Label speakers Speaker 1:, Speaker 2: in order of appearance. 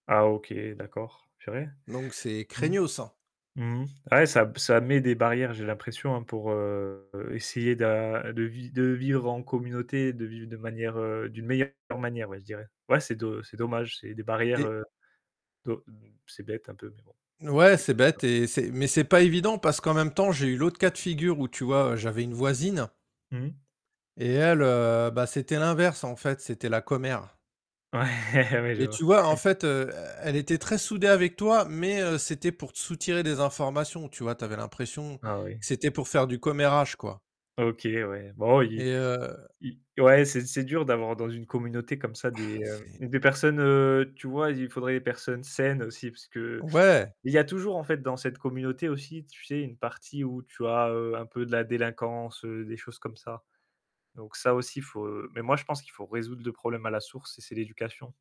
Speaker 1: Ah OK, d'accord, purée.
Speaker 2: Donc c'est
Speaker 1: Mmh.
Speaker 2: craignos hein.
Speaker 1: Mmh. Ouais, ça ça met des barrières, j'ai l'impression pour, heu, essayer de de vi de vivre en communauté, de vivre de manière, heu, d'une meilleure manière ouais je dirais. Ouais, c'est do c'est dommage, c'est des barrières,
Speaker 2: Et
Speaker 1: de c'est bête un peu mais bon.
Speaker 2: Ouais
Speaker 1: C'est
Speaker 2: c'est
Speaker 1: ça.
Speaker 2: bête et c'est mais c'est pas évident parce qu'en même temps j'ai eu l'autre cas de figure où tu vois j'avais une voisine
Speaker 1: Mmh mh.
Speaker 2: et elle, heu, bah c'était l'inverse en fait, c'était la commère.
Speaker 1: Ouais, je
Speaker 2: Et
Speaker 1: vois.
Speaker 2: tu vois, en fait, heu e elle était très soudée avec toi, mais heu, c'était pour te soutirer des informations, tu vois? Bah tu avais l'impression que
Speaker 1: Ah oui.
Speaker 2: c'était pour faire du commérage, quoi.
Speaker 1: OK ouais, bon oui,
Speaker 2: Et heu
Speaker 1: i ouais c'est c'est dur d'avoir dans une communauté comme ça
Speaker 2: Ah
Speaker 1: des, heu,
Speaker 2: c'est
Speaker 1: des personnes, heu tu vois, il faudrait des personnes saines aussi, parce qu'il
Speaker 2: Ouais.
Speaker 1: y a toujours en fait dans cette communauté aussi, tu sais, une partie où tu as, heu, un peu de la délinquance, des choses comme ça. Donc ça aussi, il faut heu, mais moi je pense qu'il faut résoudre le problème à la source et c'est l'éducation.